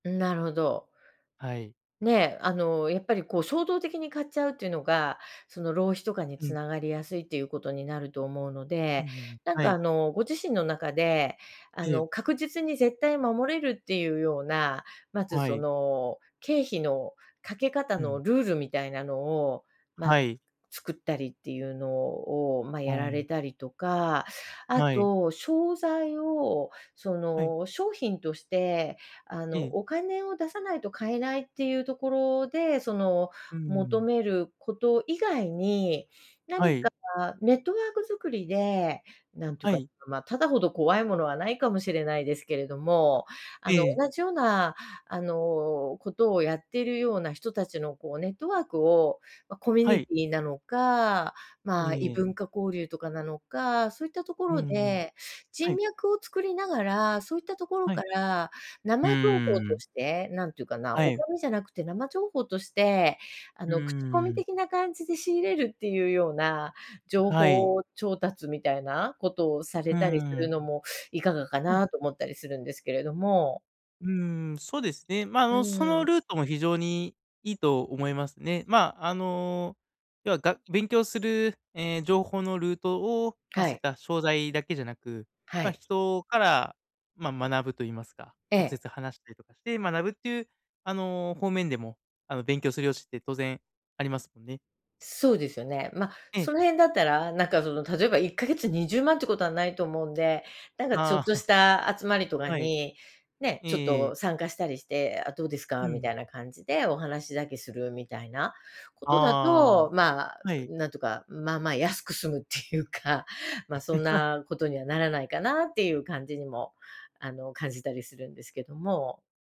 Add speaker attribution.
Speaker 1: なるほど。
Speaker 2: はい。
Speaker 1: ね、あの、やっぱり、こう、衝動的に買っちゃうっていうのが、その、浪費とかに
Speaker 2: う
Speaker 1: つ
Speaker 2: ん。
Speaker 1: ながりやすいということになると思うの
Speaker 2: うん
Speaker 1: で、
Speaker 2: うんうん。
Speaker 1: なん
Speaker 2: は
Speaker 1: か、
Speaker 2: い。
Speaker 1: あの、ご自身の中で、あ
Speaker 2: ええ。
Speaker 1: の、確実に絶対守れるっていうような、まず、
Speaker 2: は
Speaker 1: そ
Speaker 2: い。
Speaker 1: の、経費のかけ方
Speaker 2: う
Speaker 1: の
Speaker 2: ん。
Speaker 1: ルールみたいなのを、ま、
Speaker 2: はい。
Speaker 1: 作ったりっていうのを、ま、
Speaker 2: う
Speaker 1: やら
Speaker 2: ん。
Speaker 1: れたりとか、あ
Speaker 2: はい。
Speaker 1: と商材を、そ
Speaker 2: はい。
Speaker 1: の、商品として、あ
Speaker 2: え
Speaker 1: の、
Speaker 2: え。
Speaker 1: お金を出さないと買えないっていうところで、その、
Speaker 2: うー
Speaker 1: 求
Speaker 2: ん。
Speaker 1: めること以外に、
Speaker 2: は
Speaker 1: 何か
Speaker 2: い。
Speaker 1: ネットワーク作りで、なんという
Speaker 2: は
Speaker 1: か、
Speaker 2: い。
Speaker 1: ま、タダほど怖いものはないかもしれないですけれども、あ
Speaker 2: え
Speaker 1: の、
Speaker 2: え。
Speaker 1: 同じような、あの、ことをやっているような人たちの、こう、ネットワークを、ま、コミュ
Speaker 2: は
Speaker 1: ニ
Speaker 2: い。
Speaker 1: ティなのか、まあ、異
Speaker 2: ええ。
Speaker 1: 文化交流とかなのか、そういったとこ
Speaker 2: うんう
Speaker 1: ろ
Speaker 2: ん。
Speaker 1: で
Speaker 2: は
Speaker 1: 人
Speaker 2: い。
Speaker 1: 脈を作りながら、そういったところ
Speaker 2: は
Speaker 1: か
Speaker 2: い。
Speaker 1: ら
Speaker 2: う
Speaker 1: 生情報
Speaker 2: ー
Speaker 1: と
Speaker 2: ん。
Speaker 1: して、なんていうかな、
Speaker 2: は
Speaker 1: お
Speaker 2: い。
Speaker 1: 金じゃなくて生情報として、あ
Speaker 2: う
Speaker 1: の、口コ
Speaker 2: ー
Speaker 1: ミ
Speaker 2: ん。
Speaker 1: 的な感じで仕入れるっていうような、情
Speaker 2: はい。
Speaker 1: 報調達みたいなことをさ
Speaker 2: う
Speaker 1: れたりす
Speaker 2: ー
Speaker 1: る
Speaker 2: ん。
Speaker 1: のもいかがか
Speaker 2: うん。
Speaker 1: な、と思ったりするんですけれども。
Speaker 2: うーん、そうですね。ま、あ
Speaker 1: う
Speaker 2: の、そ
Speaker 1: ー
Speaker 2: の
Speaker 1: ん。
Speaker 2: ルートも非常にいいと思いますね。まあ、あの、要は、が勉強する、え、情報のルートを、ま、
Speaker 1: は
Speaker 2: そういっ
Speaker 1: い。
Speaker 2: た商材だけじゃなく、
Speaker 1: は
Speaker 2: ま、
Speaker 1: い。
Speaker 2: 人から、ま、学ぶと言いますか、
Speaker 1: え
Speaker 2: 直
Speaker 1: え。
Speaker 2: 接話したりとかして学ぶっていう、あの、方面でも、あの、勉強する余地って当然ありますもんね。
Speaker 1: そうですよね。ま、
Speaker 2: ええ。
Speaker 1: その辺だったら、なんか、その、例えば1ヶ月20万っていうことはないと思うんで。なんか、ちょ
Speaker 2: ああ。
Speaker 1: っとし た集まりとか
Speaker 2: はい。
Speaker 1: に、ね、ちょっ
Speaker 2: え
Speaker 1: と
Speaker 2: え。
Speaker 1: 参加したりして、「あ、どうです
Speaker 2: う
Speaker 1: か」み
Speaker 2: ん。
Speaker 1: たいな感じでお話だけするみたいなことだ
Speaker 2: ああ。
Speaker 1: と、ま、
Speaker 2: はい。
Speaker 1: なんとか、まあまあ安く済むっていうか、ま、そん なことにはならないかなっていう感じにも、あの、感じたりするんですけども。